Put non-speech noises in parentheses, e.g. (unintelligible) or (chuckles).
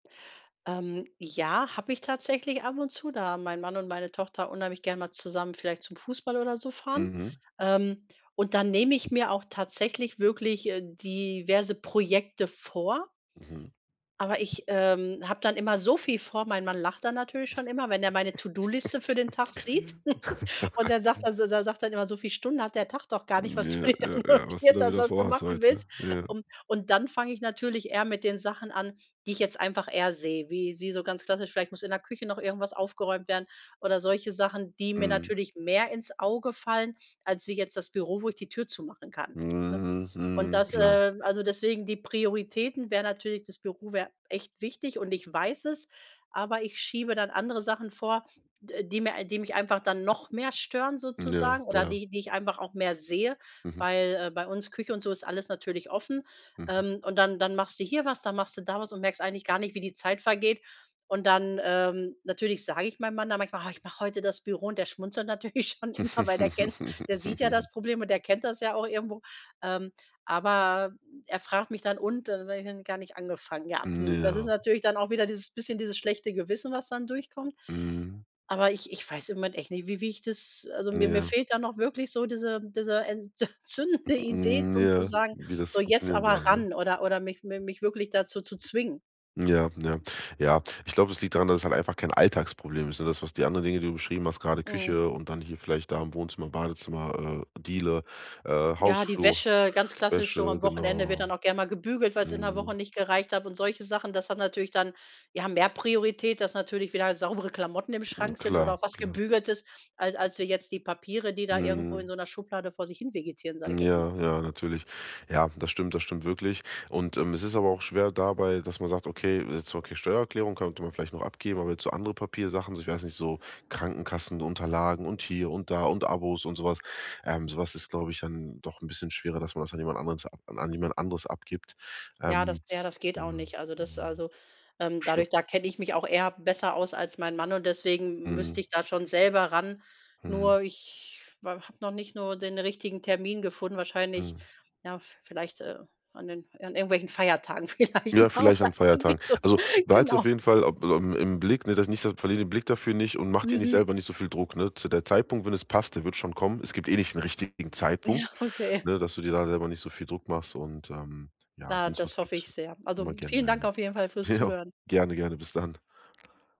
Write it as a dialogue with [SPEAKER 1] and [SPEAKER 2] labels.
[SPEAKER 1] Ähm. Ja, habe ich tatsächlich ab und zu, da mein Mann und meine Tochter unheimlich gern mal zusammen vielleicht zum Fußball oder so fahren.
[SPEAKER 2] Mhm.
[SPEAKER 1] Ähm. Und dann nehme ich mir auch tatsächlich wirklich, äh, diverse Projekte vor.
[SPEAKER 2] Mhm.
[SPEAKER 1] Aber ich, ähm, habe dann immer so viel vor. Mein Mann lacht dann natürlich schon immer, wenn er meine To-do-Liste für den Tag sieht. (giggles) Und er sagt
[SPEAKER 2] (chuckles)
[SPEAKER 1] also, er sagt dann immer: „So viel Stunden hat der Tag doch gar nicht, was du
[SPEAKER 2] Ja,
[SPEAKER 1] dir da
[SPEAKER 2] ja, ja. Was du
[SPEAKER 1] notiert
[SPEAKER 2] da
[SPEAKER 1] hast,
[SPEAKER 2] wieder
[SPEAKER 1] was du
[SPEAKER 2] vor hast
[SPEAKER 1] machen
[SPEAKER 2] heute,
[SPEAKER 1] willst.“
[SPEAKER 2] ja.
[SPEAKER 1] Ähm. Und dann fange ich natürlich eher mit den Sachen an, die ich jetzt einfach eher sehe, wie wie so ganz klassisch, vielleicht muss in der Küche noch irgendwas aufgeräumt werden oder solche Sachen, die mir
[SPEAKER 2] Mhm.
[SPEAKER 1] natürlich mehr ins Auge fallen, als wie jetzt das Büro, wo ich die Tür zumachen kann, ne?
[SPEAKER 2] Hm,
[SPEAKER 1] Und
[SPEAKER 2] mhm,
[SPEAKER 1] das,
[SPEAKER 2] klar.
[SPEAKER 1] äh also, deswegen die Prioritäten wäre natürlich, das Büro wäre echt wichtig und ich weiß es, aber ich schiebe dann andere Sachen vor, d äh, die mir die mich einfach dann noch mehr stören
[SPEAKER 2] Ja,
[SPEAKER 1] sozusagen oder
[SPEAKER 2] ja.
[SPEAKER 1] die die ich einfach auch mehr sehe,
[SPEAKER 2] Mhm.
[SPEAKER 1] weil, äh, bei uns Küche und so ist alles natürlich offen.
[SPEAKER 2] Mhm.
[SPEAKER 1] Ähm, und dann dann machst du hier was, dann machst du da was und merkst eigentlich gar nicht, wie die Zeit vergeht. Und dann, ähm, natürlich sage ich meinem Mann dann manchmal: „Oh, ich mache heute das Büro“, und der schmunzelt natürlich schon immer, weil der kennt der sieht ja
[SPEAKER 2] (chuckles)
[SPEAKER 1] das Problem und der kennt das ja auch irgendwo, ähm. Aber er fragt mich dann: „Und?“ Da sage ich: „Gar nicht angefangen.“ Ja, hm, das ist
[SPEAKER 2] Ja.
[SPEAKER 1] natürlich dann auch wieder dieses bisschen dieses schlechte Gewissen, was dann durchkommt.
[SPEAKER 2] Mhm.
[SPEAKER 1] Aber ich ich weiß im Moment echt nicht, wie wie ich das also, mir mir
[SPEAKER 2] Ja.
[SPEAKER 1] fehlt dann auch wirklich so diese diese ent zündende Idee,
[SPEAKER 2] Hm,
[SPEAKER 1] um zu
[SPEAKER 2] ja.
[SPEAKER 1] sagen:
[SPEAKER 2] Wie das
[SPEAKER 1] „So, jetzt
[SPEAKER 2] funktionieren
[SPEAKER 1] aber
[SPEAKER 2] soll, ne?
[SPEAKER 1] ran“, oder oder mich me mich wirklich dazu zu zwingen.
[SPEAKER 2] Ja, ja, ja. Ich glaube, es liegt daran, dass es halt einfach kein Alltagsproblem ist, ne? Das was, die anderen Dinge, die du beschrieben hast, gerade
[SPEAKER 1] Mhm.
[SPEAKER 2] Küche und dann hier vielleicht da im Wohnzimmer, Badezimmer, äh, Diele, äh,
[SPEAKER 1] Ja, die
[SPEAKER 2] Hausflur,
[SPEAKER 1] Wäsche, ganz klassisch schon
[SPEAKER 2] Wäsche,
[SPEAKER 1] am Wochenende, wird
[SPEAKER 2] genau.
[SPEAKER 1] dann auch gerne mal gebügelt, weil es in der Woche
[SPEAKER 2] Mhm.
[SPEAKER 1] nicht gereicht hat und solche Sachen. Das hat natürlich dann ja mehr Priorität, dass natürlich wieder saubere Klamotten im
[SPEAKER 2] Hm,
[SPEAKER 1] Schrank sind oder
[SPEAKER 2] klar,
[SPEAKER 1] auch was
[SPEAKER 2] klar.
[SPEAKER 1] Gebügeltes, als als wie jetzt die Papiere, die da irgendwo in
[SPEAKER 2] Mhm.
[SPEAKER 1] so 'ner Schublade vor sich hin vegetieren, sage
[SPEAKER 2] Hm,
[SPEAKER 1] ich jetzt mal.
[SPEAKER 2] ja, ja, natürlich. Ja, das stimmt, das stimmt wirklich. Und, ähm, es ist aber auch schwer dabei, dass man sagt: „Okay, jetzt okay, Steuererklärung könnte man vielleicht noch abgeben“, aber jetzt so andere Papiersachen, so, ich weiß nicht, so Krankenkassenunterlagen und hier und da und Abos und so was. Ähm. So was ist, glaube ich, dann doch 'n bisschen schwerer, dass man das an jemand anderes ab an jemand anderes abgibt.
[SPEAKER 1] Ja, das
[SPEAKER 2] Ähm.
[SPEAKER 1] ja, das geht auch
[SPEAKER 2] Ja.
[SPEAKER 1] nicht. Also, das
[SPEAKER 2] Ja.
[SPEAKER 1] also, ähm,
[SPEAKER 2] Scho
[SPEAKER 1] dadurch da kenne ich mich auch eher besser aus als mein Mann und deswegen m müsste
[SPEAKER 2] Mhm.
[SPEAKER 1] ich da schon selber ran.
[SPEAKER 2] Mhm.
[SPEAKER 1] Nur ich habe noch nicht nur den richtigen Termin gefunden, wahrscheinlich,
[SPEAKER 2] Mhm.
[SPEAKER 1] ja, v vielleicht, äh, an den an irgendwelchen Feiertagen vielleicht.
[SPEAKER 2] Ja, vielleicht an Feiertagen. Also,
[SPEAKER 1] (unintelligible)
[SPEAKER 2] behalte es
[SPEAKER 1] Genau.
[SPEAKER 2] auf jeden Fall, ob aufm im Blick, ne? Das nicht verliere den Blick dafür nicht und macht dir nicht
[SPEAKER 1] Mhm.
[SPEAKER 2] selber nicht so viel Druck, ne? Zu der Zeitpunkt, wenn es passt, der wird schon kommen. Es gibt eh nicht den richtigen
[SPEAKER 1] Ja,
[SPEAKER 2] Zeitpunkt,
[SPEAKER 1] okay.
[SPEAKER 2] ne? Dass du dir da selber nicht so viel Druck machst und, ähm, ja,
[SPEAKER 1] Na,
[SPEAKER 2] wenn es
[SPEAKER 1] das
[SPEAKER 2] was
[SPEAKER 1] hoffe
[SPEAKER 2] gibt,
[SPEAKER 1] ich sehr. Also,
[SPEAKER 2] immer gern
[SPEAKER 1] vielen Dank
[SPEAKER 2] melden.
[SPEAKER 1] auf jeden Fall fürs
[SPEAKER 2] Ja,
[SPEAKER 1] Zuhören.
[SPEAKER 2] gerne, gerne, bis dann.